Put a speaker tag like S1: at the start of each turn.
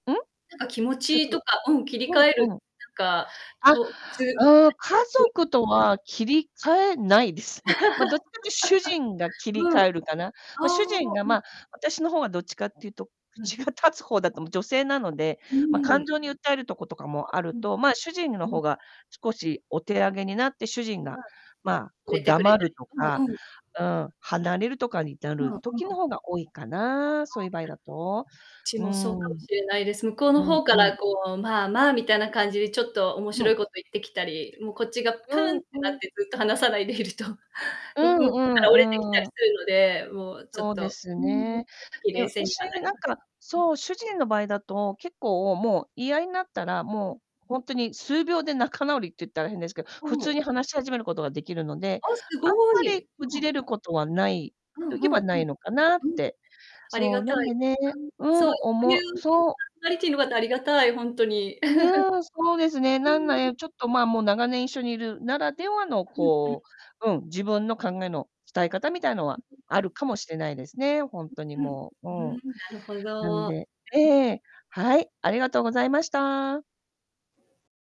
S1: うん、
S2: なんか気持
S1: ちょっ
S2: ちと
S1: と
S2: か、うん、切り
S1: う
S2: 替え
S1: ん
S2: る、
S1: うん。
S2: なんか
S1: あ、
S2: こうつ
S1: うーん、家 族とは切り替えないですね。ま、どっちかってゆと主人が 切り
S2: うん。あ
S1: 替えるかな。
S2: あ、
S1: ま、主人が
S2: うん。
S1: ま、私の方はどっちかってゆと、
S2: う
S1: 口
S2: ん。
S1: が立つ方だと思う女性なので、
S2: う
S1: ま、
S2: ー
S1: 感
S2: ん。
S1: 情に訴えるとことかもある
S2: うん、
S1: と、ま、主人の
S2: うん。
S1: 方が少しお手上げになって、主人が、
S2: はい。
S1: ま、
S2: 触
S1: こ、
S2: れてくれ
S1: 黙
S2: る。
S1: ると
S2: う
S1: か
S2: んうん。
S1: うん、離れるとかにな
S2: うん
S1: る時
S2: う
S1: の
S2: ん。
S1: 方が多いか
S2: ああ、
S1: な、そういう場合だと。
S2: ち
S1: うー
S2: もそ
S1: ん。
S2: うかもしれないです。向こうの
S1: うん
S2: 方か
S1: うん。
S2: らこう、まあまあみたいな感じでちょっと面
S1: う
S2: 白
S1: ん。
S2: いことを言ってきたり、もうこっちがプ
S1: う
S2: ーン
S1: ん
S2: ってな
S1: う
S2: っ
S1: ん。
S2: てずっと話さないでいると、向こ
S1: うん
S2: う
S1: う
S2: から折れてきた
S1: ん
S2: り
S1: う
S2: す
S1: ん。
S2: るので、もうちょっ
S1: そうで
S2: と
S1: す
S2: うーん、そういう
S1: ね。
S2: 時
S1: で、
S2: 冷静に
S1: 私
S2: はなり
S1: なん
S2: ます。
S1: か、
S2: うん。
S1: そう、主人の場合だと結構もう言い合いになったら、
S2: うん。
S1: もう、ほんとに数秒で仲直りって言ったら変ですけど、普通に 話し始めることができるので、
S2: あ、す
S1: あん
S2: ご
S1: まり
S2: い。
S1: こ
S2: う
S1: じ
S2: ん。
S1: れることは無い
S2: うん
S1: と言え
S2: うん
S1: ば無
S2: うん、
S1: いのかなっ
S2: うん。
S1: て。
S2: あり
S1: そ
S2: が
S1: う、な
S2: た
S1: んで
S2: い。
S1: ね
S2: うん、
S1: う
S2: そ
S1: ん、
S2: い
S1: 思う
S2: う
S1: そう。
S2: タリティーの方、ありがたい、ほんとに。
S1: うねえ、そうです ね、
S2: う
S1: なん
S2: ーん。
S1: ねちょっとま、もう長年一緒にいるならではの
S2: うんうん。
S1: こう、うん、自分の考えの伝え方みたいなのは、
S2: ううう
S1: あ
S2: ん。
S1: るかもしれないですね、ほん
S2: う
S1: とに
S2: うん。
S1: もう、うん。
S2: ふーん、なるほ
S1: なん
S2: ど。
S1: で、え
S2: うん。
S1: え、はい、ありがとうございました。